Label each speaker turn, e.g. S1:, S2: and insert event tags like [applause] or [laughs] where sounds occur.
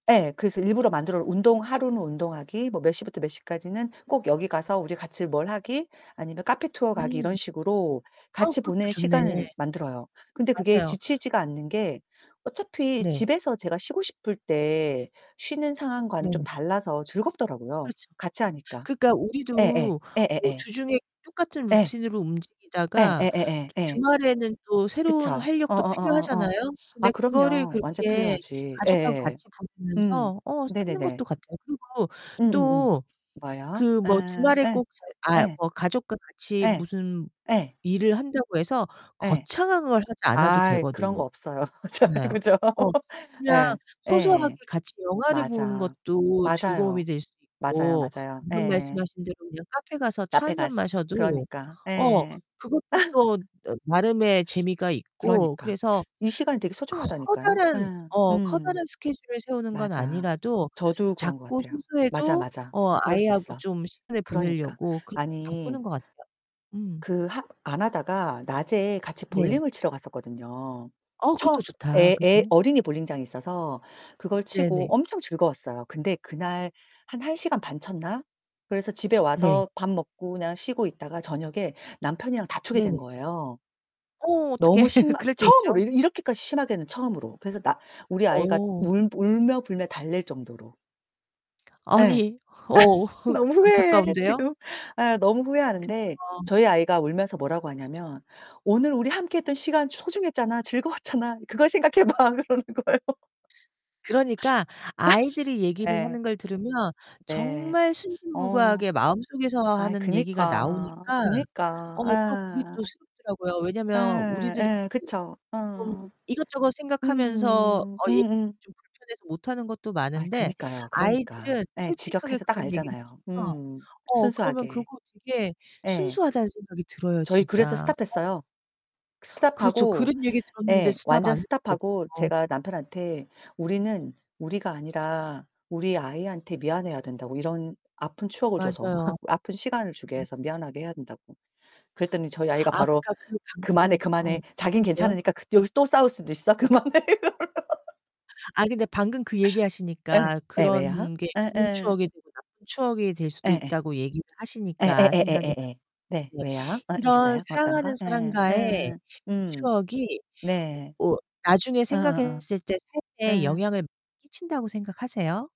S1: 예. 그래서 일부러 만들어 운동 하루는 운동하기 뭐 몇 시부터 몇 시까지는 꼭 여기 가서 우리 같이 뭘 하기 아니면 카페 투어 가기 이런
S2: 음.
S1: 식으로
S2: 어
S1: 같이
S2: 그것도
S1: 보내는
S2: 좋네.
S1: 시간을 만들어요. 근데 그게
S2: 맞아요.
S1: 지치지가 않는 게 어차피
S2: 네.
S1: 집에서 제가 쉬고 싶을 때 쉬는 상황과는 좀
S2: 네네.
S1: 달라서 즐겁더라고요,
S2: 그렇죠.
S1: 같이 하니까.
S2: 그러니까
S1: 예예.
S2: 우리도 뭐
S1: 예예예.
S2: 주중에 똑같은
S1: 예.
S2: 루틴으로
S1: 예
S2: 움직이다가
S1: 예예예 예.
S2: 주말에는 또 새로운
S1: 그쵸?
S2: 활력도
S1: 어어어어어.
S2: 필요하잖아요?
S1: 아
S2: 근데 그거를
S1: 그럼요 완전
S2: 그렇게
S1: 필요하지.
S2: 가족하고
S1: 예예예.
S2: 같이
S1: 음
S2: 보내면서 어 쌓는
S1: 네네네.
S2: 것도 같아요. 그리고
S1: 음음음.
S2: 또
S1: 뭐요?
S2: 그 뭐
S1: 아
S2: 주말에
S1: 예.
S2: 꼭 저희 아
S1: 예.
S2: 뭐 가족과 같이
S1: 예.
S2: 무슨
S1: 예.
S2: 일을 한다고 해서
S1: 예.
S2: 거창한 걸 하지 않아도
S1: 아이 그런
S2: 되거든요.
S1: 거 없어요. [laughs] 잘
S2: 그렇잖아요.
S1: 그죠?
S2: 어 그냥
S1: 예.
S2: 소소하게
S1: 예.
S2: 같이 영화를 보는
S1: 맞아.
S2: 것도 즐거움이
S1: 맞아요.
S2: 될 수
S1: 맞아요,
S2: 있고
S1: 맞아요.
S2: 방금
S1: 예예.
S2: 말씀하신 대로 그냥 카페 가서 차
S1: 카페
S2: 1 잔
S1: 가서
S2: 마셔도
S1: 그러니까
S2: 어
S1: 예.
S2: 그것도 또
S1: [laughs]
S2: 나름의 재미가 있고
S1: 그러니까
S2: 그래서
S1: 이 시간이 되게 소중하다니까요.
S2: 커다란
S1: 예
S2: 어
S1: 음.
S2: 커다란 스케줄을 세우는 건
S1: 맞아
S2: 아니라도
S1: 저도 그런 것
S2: 작고
S1: 같아요. 맞아,
S2: 소소해도
S1: 맞아
S2: 어
S1: 그럴 수
S2: 아이하고
S1: 있어.
S2: 좀 시간을
S1: 그러니까
S2: 보내려고 그렇게
S1: 아니
S2: 바꾸는 것 같아요. 음.
S1: 그 하 안 하다가 낮에 같이
S2: 네.
S1: 볼링을 치러 갔었거든요.
S2: 어,
S1: 처음
S2: 그것도 좋다.
S1: 애 애
S2: 그죠?
S1: 어린이 볼링장이 있어서 그걸 치고
S2: 네네.
S1: 엄청 즐거웠어요. 근데 그날 한 1 시간 반 쳤나? 그래서 집에
S2: 네.
S1: 와서 밥 먹고 그냥 쉬고 있다가 저녁에 남편이랑 다투게 된
S2: 네네.
S1: 거예요.
S2: 어, 어떡해.
S1: 너무 심하
S2: 그럴 때
S1: 처음으로
S2: 있죠.
S1: 이 이렇게까지 심하게는 처음으로. 그래서 나 우리 아이가
S2: 어.
S1: 울 울며 불며 달랠 정도로. 예.
S2: 아니 어
S1: 아
S2: 흑
S1: 너무 후회해
S2: 안타까운데요?
S1: 지금. 아 너무
S2: 그쵸.
S1: 후회하는데 저희 아이가 울면서 뭐라고 하냐면 "오늘 우리 함께했던 시간 소중했잖아, 즐거웠잖아. 그걸 생각해 봐." 그러는 거예요.
S2: 그러니까 아이들이
S1: [laughs]
S2: 얘기를
S1: 예.
S2: 하는 걸 들으면
S1: 네.
S2: 정말
S1: 어.
S2: 순진무구하게 마음속에서
S1: 아이
S2: 하는 얘기가
S1: 그니까,
S2: 나오니까
S1: 그니까.
S2: 어 또 그게 또
S1: 예.
S2: 새롭더라고요. 왜냐면
S1: 예
S2: 우리들은
S1: 예
S2: 그
S1: 그쵸.
S2: 좀
S1: 어.
S2: 이것저것 생각하면서
S1: 음
S2: 어 얘기
S1: 음음.
S2: 좀 불편해서 못하는 것도
S1: 아이
S2: 많은데
S1: 그니까요 그러니까.
S2: 아이들은
S1: 예
S2: 솔직하게
S1: 직역해서 딱
S2: 그런 얘기를
S1: 알잖아요.
S2: 하면서
S1: 음
S2: 어 그러면
S1: 순수하게.
S2: 그러고 되게
S1: 예.
S2: 순수하다는 생각이 들어요,
S1: 저희 그래서
S2: 진짜. 어.
S1: 스탑했어요.
S2: 그렇죠.
S1: 스탑하고
S2: 그런 얘기 들었는데
S1: 예
S2: 스탑 안
S1: 완전
S2: 할 수가
S1: 스탑하고
S2: 없죠.
S1: 제가 남편한테 우리는 우리가 아니라 우리 아이한테 미안해야 된다고 이런 아픈 추억을 줘서
S2: 맞아요.
S1: [laughs] 아픈 시간을 주게
S2: 음.
S1: 해서 미안하게 해야 된다고. 그랬더니 저희 아이가
S2: 아
S1: 바로
S2: 그니까 그
S1: 그만해,
S2: 방금 어
S1: 그만해 자긴
S2: 괜찮대요?
S1: 괜찮으니까 그 여기서 또 싸울 수도 있어 그만해 이러는 거. [laughs]
S2: 아이 근데 방금 그
S1: 예.
S2: 얘기하시니까
S1: 예 왜요?
S2: 그런 게 좋은
S1: 예예.
S2: 추억이 되고 나쁜 추억이 될 수도
S1: 예예.
S2: 있다고 얘기를 하시니까 생각이
S1: 예예예예예예. 네
S2: 나는데
S1: 왜요? 어
S2: 이런
S1: 있어요? 어떤
S2: 사랑하는
S1: 거? 예예.
S2: 사람과의
S1: 으음. 음.
S2: 추억이
S1: 네.
S2: 어 나중에
S1: 어어어.
S2: 생각했을 때 삶에
S1: 예.
S2: 영향을 끼친다고 생각하세요?